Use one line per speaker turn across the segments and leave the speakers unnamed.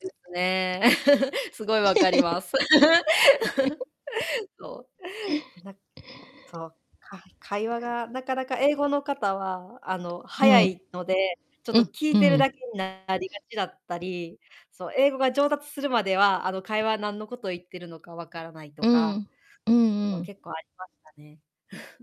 ですね。すごいわかります。そう。なそう、か会話が、なかなか、英語の方は、あの、
う
速
ん。
いので、ちょっ
う
と
ん、
聞
う
いてる
ん。
だけにななりがちだったり、そう、英語が上達するまでは、あの、会話、なんのこと言ってるのか分からないと
う
か。
ん。うん
そ
う
う、
ん。
結構ありましたね。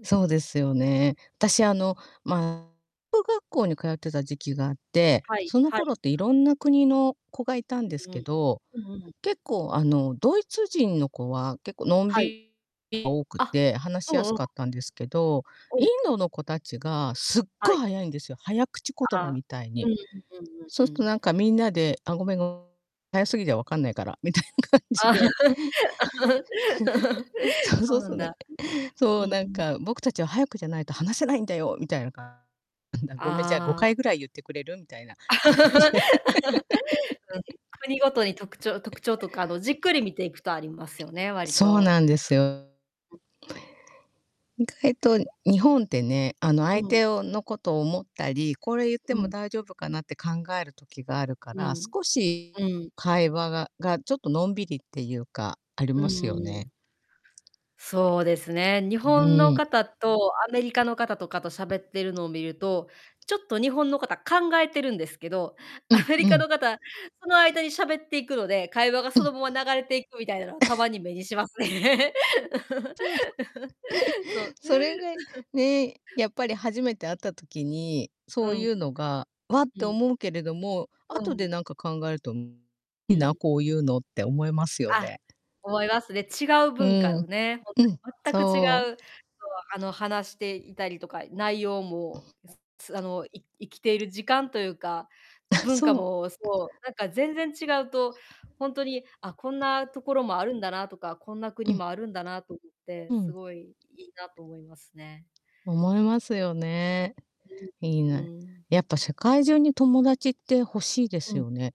そ うですよね。あたし、あの、まあ、語学学校に通ってた時期があって、
はい、
その
はい。
頃っていろんな国の子がいたんで
う
すけ
ん。
ど、
うんうん。
結構、あの、ドイツ人の子は、結構、のん
はい。
びが多く
あ、
て、話
う
しや
ん
す
うん。
かったんですけど、
う
イン
ん。
ドの子達がすっ
は
ごい
い。
速いんですよ、早口言
あ
葉
あ、
みたい
う
に。
んうんうんうん
そう
う
すと、
ん。
なんか、みんなで、あ、ごめん、ご早すぎて分かんないから、みたいな感じで そうそ
そう
う
な
そ
ん
う、ね。
だ。
そ
う
う、なん
ん。
か、僕たちは速くじゃないと話せないんだよ、みたいな、かんんだ、ごめん、じゃあ、ご
あ
かい
あ。
ぐらい言ってくれる？みたいな感じで
うん。国ごとに特徴特徴とか、あの、じっくり見ていくとありますよね、わり
そう
と。
なんですよ。
うん。
意外と日本ってね、あの、
う
相
ん。
手をの、ことを思ったり、これ、言って
う
も
ん。
大丈夫かな？って考える時があるか
う
ら、
ん。
少し
うん。
会話がが、ちょっとのんびりっていうか、あり
うん
ますよ
うん。
ね。
そうですね。日
うう
本の
ーん。
方とアメリカの方とかと喋ってるのを見ると、ちょっと日本の方、考えてるんですけど、
う
ア
ん
メリ
う
カ
ん。
の方、その間に喋っていくので、会話が
う
そ
ん。
のまま流れていくみたいなのはたま に目にしますね。
そう、そ。
そう。
それで ね、やっぱり初めて会った時に、
う
そう
ん。
いうのが、ワッ
う
て
ん。
思うけれども、
う
後で
ん。
なんか考えるといい
うん。
な、こういうのって思いますよ
あ、
ね。
思いますね。違う
う
文化、
ー
う
ん。
ね、ほん
うん。
とに、全く違
そ
う、
う。
そう、あの、話していたりとか、内容もつつあの、い生きている時間というか、
あ、
文化
そう。
もそう、なんか全然違うと、ほんとに、あ、こんなところもあるんだなとか、こんな
う
国
ん。
もあるんだなと思って、
う
す
ん。
ごい、いいなと思いますね。
思いますよね。
うん、
いい
う
な。
ーん。
やっぱ、世界中に、友達って欲しいで
う
す
ん。
よね。